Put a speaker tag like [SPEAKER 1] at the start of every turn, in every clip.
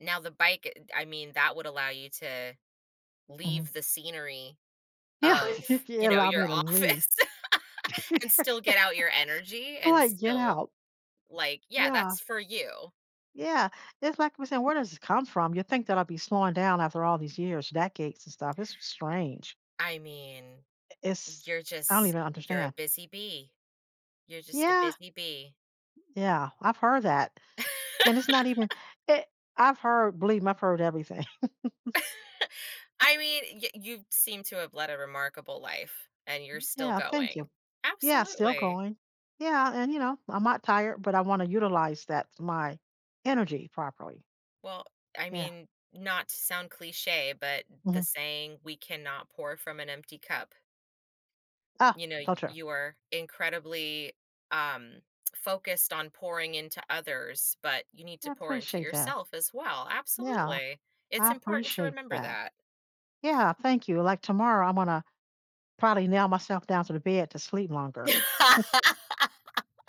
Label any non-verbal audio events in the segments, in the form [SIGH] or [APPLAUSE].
[SPEAKER 1] Now, the bike, eh eh d I mean, that would allow you to
[SPEAKER 2] Mhm.
[SPEAKER 1] leave the scenery
[SPEAKER 2] Yeah, [LAUGHS]
[SPEAKER 1] of
[SPEAKER 2] if
[SPEAKER 1] you
[SPEAKER 2] you
[SPEAKER 1] know,
[SPEAKER 2] allow
[SPEAKER 1] your
[SPEAKER 2] me to leave.
[SPEAKER 1] office [LAUGHS] and still
[SPEAKER 2] [LAUGHS] I'm
[SPEAKER 1] get out your energy and
[SPEAKER 2] like, "Get
[SPEAKER 1] still,
[SPEAKER 2] out."
[SPEAKER 1] like yeah,
[SPEAKER 2] Yeah.
[SPEAKER 1] that's for you.
[SPEAKER 2] Yeah, it's like we're say "Where does this come from?" You think that I'll be slowing down after all these years, decades and stuff. It's s strange.
[SPEAKER 1] I mean,
[SPEAKER 2] Eh is
[SPEAKER 1] you're
[SPEAKER 2] I don't
[SPEAKER 1] just
[SPEAKER 2] even
[SPEAKER 1] you're a
[SPEAKER 2] understand.
[SPEAKER 1] busy bee. You're just a
[SPEAKER 2] Yeah.
[SPEAKER 1] busy bee.
[SPEAKER 2] Yeah, I've heard that, and it's not even
[SPEAKER 1] [LAUGHS]
[SPEAKER 2] it I've heard believe me, I've heard everything. [CHUCKLES]
[SPEAKER 1] [LAUGHS] I mean, y you seem to have led a remarkable life and you're still
[SPEAKER 2] Yeah, thank you.
[SPEAKER 1] going.
[SPEAKER 2] Yeah, still
[SPEAKER 1] Absolutely.
[SPEAKER 2] going. Yeah, and, you know, I'm not tired, but I wanna utilize that my energy properly.
[SPEAKER 1] Well, I
[SPEAKER 2] Yeah.
[SPEAKER 1] mean, not to sound cliche, but the
[SPEAKER 2] Mhm.
[SPEAKER 1] saying "We cannot pour from an empty cup."
[SPEAKER 2] Ah!
[SPEAKER 1] You know,
[SPEAKER 2] So true.
[SPEAKER 1] you are incredibly, um, focused [SMACKS LIPS] on pouring into others, but you need
[SPEAKER 2] I
[SPEAKER 1] to pour into
[SPEAKER 2] appreciate that.
[SPEAKER 1] yourself as well
[SPEAKER 2] Yeah,
[SPEAKER 1] absolutely, it's
[SPEAKER 2] I
[SPEAKER 1] important to
[SPEAKER 2] appreciate
[SPEAKER 1] remember
[SPEAKER 2] that.
[SPEAKER 1] that.
[SPEAKER 2] Yeah, thank you, like tomorrow, I'm gonna probably nail myself down to the bed to sleep longer. [CHUCKLES]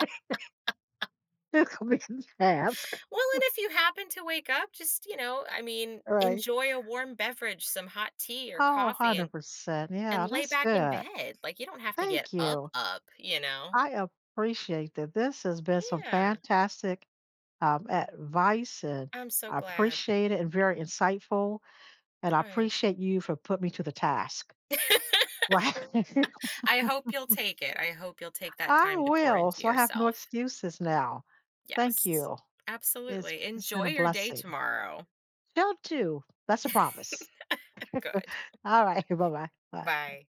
[SPEAKER 2] [LAUGHS]
[SPEAKER 1] Well, and
[SPEAKER 2] [UNINTELLIGIBLE]
[SPEAKER 1] if you happen to wake up, just, you know, I mean,
[SPEAKER 2] Alright.
[SPEAKER 1] enjoy a warm beverage, some hot tea or
[SPEAKER 2] Oh,
[SPEAKER 1] coffee,
[SPEAKER 2] hundred
[SPEAKER 1] and
[SPEAKER 2] percent.
[SPEAKER 1] and
[SPEAKER 2] Yeah,
[SPEAKER 1] lay
[SPEAKER 2] that's
[SPEAKER 1] back in
[SPEAKER 2] good.
[SPEAKER 1] bed. Like, you don't have to get
[SPEAKER 2] Thank you!
[SPEAKER 1] up-up, you know?
[SPEAKER 2] I appreciate that. This has been some
[SPEAKER 1] Yeah!
[SPEAKER 2] fantastic, um, advice, and
[SPEAKER 1] I'm so
[SPEAKER 2] I
[SPEAKER 1] glad.
[SPEAKER 2] appreciate it and very insightful, and I
[SPEAKER 1] Right.
[SPEAKER 2] appreciate you for putting me to the task. Right.
[SPEAKER 1] [LAUGHS] I hope you'll
[SPEAKER 2] [LAUGHS]
[SPEAKER 1] take it. I hope you'll take that
[SPEAKER 2] I
[SPEAKER 1] time to pour
[SPEAKER 2] will,
[SPEAKER 1] into
[SPEAKER 2] so I have no
[SPEAKER 1] yourself.
[SPEAKER 2] excuses now. Thank
[SPEAKER 1] Yes.
[SPEAKER 2] you. It's
[SPEAKER 1] Absolutely,
[SPEAKER 2] it's been
[SPEAKER 1] enjoy
[SPEAKER 2] a
[SPEAKER 1] your day
[SPEAKER 2] blessing.
[SPEAKER 1] tomorrow.
[SPEAKER 2] Y'all too, that's a promise.
[SPEAKER 1] [LAUGHS] Good.
[SPEAKER 2] [LAUGHS] Alright, bye-bye,
[SPEAKER 1] [CHUCKLES]
[SPEAKER 2] bye, bye.
[SPEAKER 1] Bye.